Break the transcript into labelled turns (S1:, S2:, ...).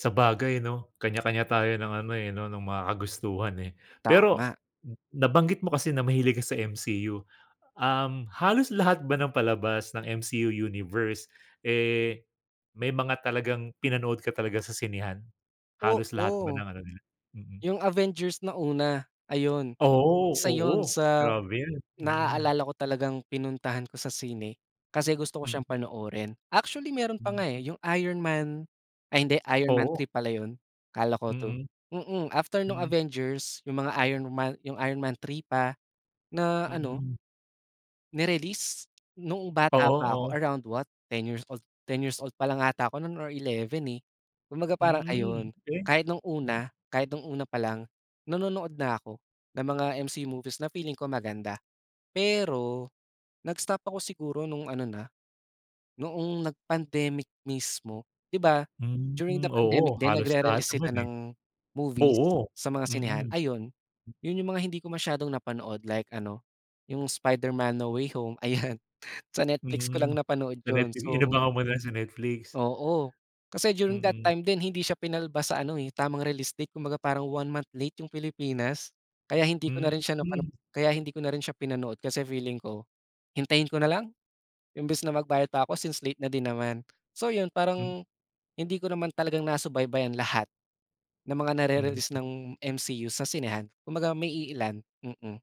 S1: Sabagay 'no, kanya-kanya tayo ng ano eh, 'no ng mga kagustuhan, eh. Pero
S2: Tama.
S1: m nabanggit mo kasi na mahilig ka sa MCU, um, halos lahat ba ng palabas ng MCU Universe, eh, may mga talagang pinanood ka talaga sa sinehan? Halos lahat ba
S2: Oo,
S1: ng ano nila? Mm.
S2: 'yung Avengers na una ayun,
S1: Oo,
S2: isa 'yun
S1: oo.
S2: sa
S1: Grabe 'yun, mm.
S2: naaalala ko talagang pinuntahan ko sa sine kasi gusto ko
S1: Mm.
S2: siyang panoorin. Actually meron pa
S1: Hmm.
S2: nga eh, 'yung Iron Man ay hindi, Iron Man
S1: Oo.
S2: 3 pala 'yun, akala ko 2,
S1: Mm.
S2: mm, after nung
S1: Mm.
S2: Avengers 'yung mga Iron Man, Iron Man 3 pa, na ano.
S1: Mm.
S2: Ni-release noong
S1: Oo,
S2: bata pa ako
S1: oo.
S2: around what 10 years old, 10 years old pa lang 'ata ako noon or 11 eh, kumbaga parang
S1: Hmm,
S2: ayun,
S1: eh?
S2: kahit nung
S1: Hmm.
S2: una, kahit nung una palang, nanonood na ako ng mga MC movies na feeling ko maganda. Pero nag-stop ako siguro nung ano na, noong nag-pandemic mismo. 'Di
S1: M
S2: ba, during
S1: hmm,
S2: the
S1: oo,
S2: pandemic din
S1: halos lahat
S2: nagre-release
S1: naman,
S2: sila
S1: eh.
S2: ng movies
S1: Oo,
S2: sa mga sinehan,
S1: mm.
S2: ayun. 'Yun 'yung mga hindi ko masyadong napanood like ano 'yung Spider-Man: No Way Home, ayan, sa Netflix ko lang
S1: Mm,
S2: napanood
S1: sa
S2: 'yun,
S1: Netfli
S2: so
S1: inabangan mo na sa Netflix.
S2: Oo, kasi during that
S1: Mm.
S2: time din hindi siya pinalabas sa ano eh, tamang realistic kumbaga parang one month late 'yung Pilipinas kaya hindi ko na
S1: Hmm,
S2: rin siya napano
S1: hmm.
S2: kaya hindi ko na rin siya pinanood, kasi feeling ko, hintayin ko nalang imbes na magbayad pa ako since late na din naman. So 'yun,
S1: Hmm.
S2: parang hindi ko naman talagang nasubaybayan lahat na mga nare-release
S1: Mhm.
S2: ng MCU sa sinehan kumbaga may iilan, mm.